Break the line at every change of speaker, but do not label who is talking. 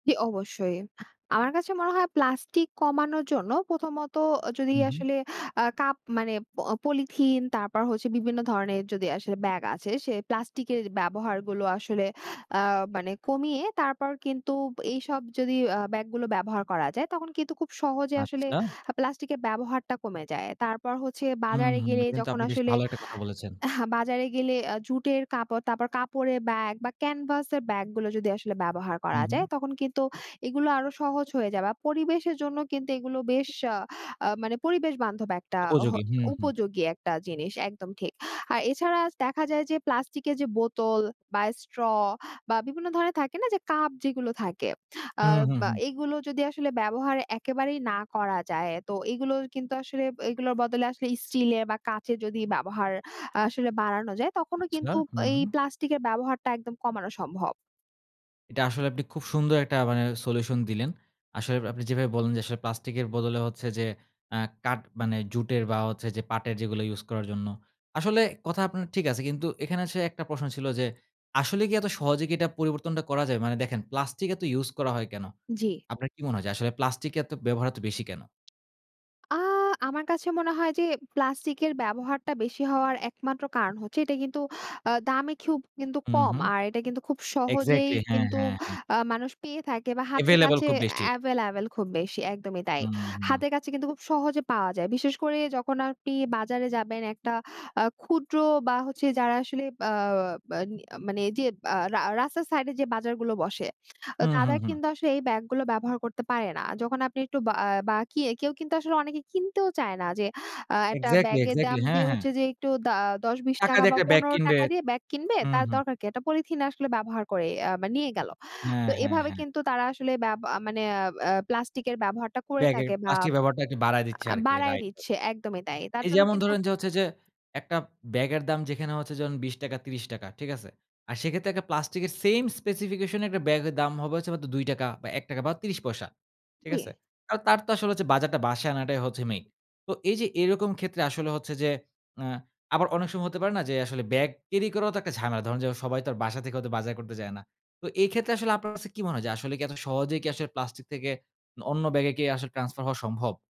জ্বি অবশ্যই। আমার কাছে মনে হয় প্লাস্টিক কমানোর জন্য প্রথমত আ যদি
উ, হু।
আসলে আ কাপ মানে অ পলিথিন তারপর হচ্ছে বিভিন্ন ধরণের যদি আসলে ব্যাগ আছে সেই প্লাস্টিকের ব্যবহারগুলো আসলে আ মানে কমিয়ে তারপর কিন্তু এইসব যদি আ ব্যাগগুলো ব্যবহার করা যায়। তখন কিন্তু খুব সহজে আসলে
আচ্ছা।
আ প্লাস্টিকের ব্যবহারটা কমে যায়। তারপর হচ্ছে
হুম,
বাজারে
হুম।
গেলে
এটা কিন্তু
যখন
আপনি বেশ
আসলে
ভালো একটা কথা বলেছেন।
বাজারে গেলে আ জুটের কাপড়, তারপর কাপড়ের ব্যাগ বা ক্যানভাস এর ব্যাগ গুলো যদি আসলে ব্যবহার
হু,
করা
হু।
যায় তখন কিন্তু এগুলো আরো সহজ হয়ে যাবা। পরিবেশের জন্য কিন্তু এগুলো বেশ আ আ মানে পরিবেশ বান্ধব একটা হ
উপযোগী। হুম, হুম।
উপযোগী একটা জিনিস একদম ঠিক। আর এছাড়া দেখা যায় যে প্লাস্টিক এর যে বোতল বা স্ট্র বা বিভিন্ন ধরনের থাকে না যে কাপ যেগুলো থাকে। আ
হুম, হুম,
বা
হুম।
এগুলো যদি আসলে ব্যবহার একেবারেই না করা যায়। তো এগুলো কিন্তু আসলে এগুলোর বদলে আসলে স্টিল এর বা কাঁচের যদি ব্যবহার আসলে বাড়ানো যায় তখনও
আচ্ছা।
কিন্তু
হুম,
এই
হুম।
প্লাস্টিক এর ব্যবহারটা একদম কমানো সম্ভব।
এটা আসলে আপনি খুব সুন্দর একটা মানে সলিউশন দিলেন। আসলে আপনি যেভাবে বললেন যে আসলে প্লাস্টিকের বদলে হচ্ছে যে অ্যা কাঠ মানে জুটের বা হচ্ছে যে পাটের যেগুলো ইউজ করার জন্য। আসলে কথা আপনার ঠিক আছে। কিন্তু এখানে আসে একটা প্রশ্ন ছিল যে, আসলে কি এত সহজে কি এটা পরিবর্তনটা করা যায়? মানে দেখেন প্লাস্টিক এত ইউজ করা হয় কেন?
জ্বি।
আপনার কি মনে হয় যে আসলে প্লাস্টিক এর এত ব্যবহার এত বেশি কেন?
আ আমার কাছে মনে হয় যে প্লাস্টিকের ব্যবহারটা বেশি হওয়ার একমাত্র কারণ হচ্ছে এটা কিন্তু আ দামে খুব কিন্তু
হুম,
কম
হুম।
আর এটা কিন্তু খুব সহজেই
এক্সাক্টলি, হ্যাঁ,
কিন্তু
হ্যাঁ, হ্যাঁ।
আ মানুষ পেয়ে থাকে বা হাতের
এভেইলেবল
কাছে
খুব বেশি।
এভেইলেবল খুব বেশি একদমই তাই।
হুম, হুম।
হাতের কাছে কিন্তু খুব সহজে পাওয়া যায়। বিশেষ করে যখন আপনি বাজারে যাবেন একটা আ ক্ষুদ্র বা হচ্ছে যারা আসলে আ আ মানে এই যে আ রা রাস্তার সাইড এ যে বাজারগুলো বসে
হুম,
তারা
হুম, হুম।
কিন্তু আসলে এই ব্যাগগুলো ব্যবহার করতে পারে না। যখন আপনি একটু বাআ বাকি একেউ কিন্তু আসলে অনেকে কিনতেও চায় না। যে আ একটা
এক্সাক্টলি,
ব্যাগের দাম
এক্সাক্টলি। হ্যাঁ,
দিয়ে
হ্যাঁ।
হচ্ছে যে একটু দা ৳১০,৳২০
টাকা
টাকা
দিয়ে
বা
একটা ব্যাগ
৳১৫
কিনবে।
টাকা দিয়ে ব্যাগ কিনবে
হুম,
তার
হুম।
দরকার কী? একটা পলিথিন আসলে ব্যবহার করি আ নিয়ে গেল।
হ্যাঁ,
তো
হ্যাঁ,
এভাবে
হ্যাঁ।
কিন্তু তারা আসলে বেব মানে অ্যা অ্যা প্লাস্টিক এর ব্যবহারটা করে
ব্যাগে
থাকে বা
প্লাস্টিক ব্যাবহারটা একটু বাড়ায় দিচ্ছে
আ
আরকি রাইট,
বাড়ায়
রাইট।
দিচ্ছে একদমই তাই। তার
এই
জন্য
যেমন
কিন্তু
ধরেন যে হচ্ছে যে একটা ব্যাগের দাম যেখানে হচ্ছে যে ৳২০ টাকা, ৳৩০ টাকা, ঠিক আছে? আর সেক্ষেত্রে একটা প্লাস্টিকের সেইম স্পেসিফিকেশন একটা ব্যাগের দাম হবে হচ্ছে মাত্র ৳২, ৳১, ৩০ পয়সা, ঠিক আছে?
জী।
আর তার তো আসলে হচ্ছে বাজারটা বাসায় আনাটাই হচ্ছে মেইন। তো এই যে এরকম ক্ষেত্রে আসলে হচ্ছে যে আ আবার অনেক সময় হতে পারে না যে আসলে ব্যাগ ক্যারি করাও তো একটা ঝামেলা। ধরুন সবাই তো বাসা থেকে হয়তো বাজার করতে যায় না। তো এই ক্ষেত্রে আসলে আপনার কাছে কি মনে হয় যে আসলে কি এত সহজেই কি আসলে প্লাস্টিক থেকে অন্য ব্যাগে কি আসলে ট্রান্সফার হওয়া সম্ভব?